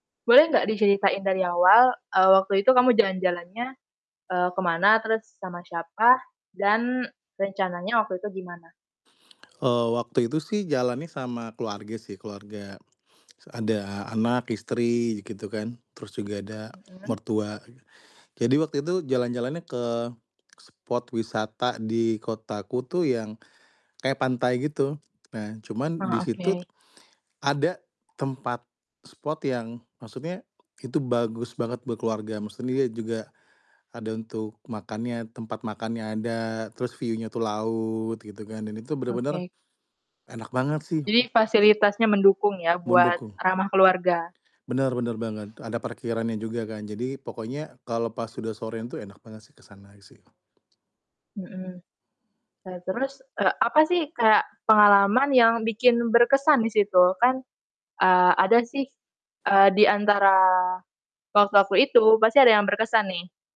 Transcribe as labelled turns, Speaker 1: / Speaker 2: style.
Speaker 1: Boleh nggak diceritain dari awal, eee, waktu itu kamu jalan-jalannya, eee, ke mana, terus sama siapa, dan rencananya waktu itu gimana?
Speaker 2: Eee, waktu itu sih jalannya sama keluarga sih, keluarga, s ada anak, istri ji gitu kan, terus juga ada
Speaker 1: Mhm.
Speaker 2: mertua gi jadi waktu itu jalan-jalannya ke spot wisata di kotaku tuh yang kayak pantai gitu. Nah cuman di
Speaker 1: Oh,
Speaker 2: situ
Speaker 1: oke.
Speaker 2: ada tempat spot yang maksudnya itu bagus banget buat keluarga, maksudnya dia juga ada untuk makannya, tempat makannya ada, terus view-nya tuh laut gitu kan. Dan itu bener-bener
Speaker 1: Oke.
Speaker 2: enak banget sih.
Speaker 1: Jadi fasilitasnya mendukung ya, buat
Speaker 2: Mendukung.
Speaker 1: ramah keluarga.
Speaker 2: Bener, bener banget. Ada parkirannya juga kan. Jadi pokoknya kalau pas udah sorean tuh enak banget sih ke sana i sih.
Speaker 1: Mhm. Eee, terus, e apa sih kayak pengalaman yang bikin berkesan di situ? Kan, eee, ada sih, eee, di antara waktu-waktu itu pasti ada yang berkesan nih.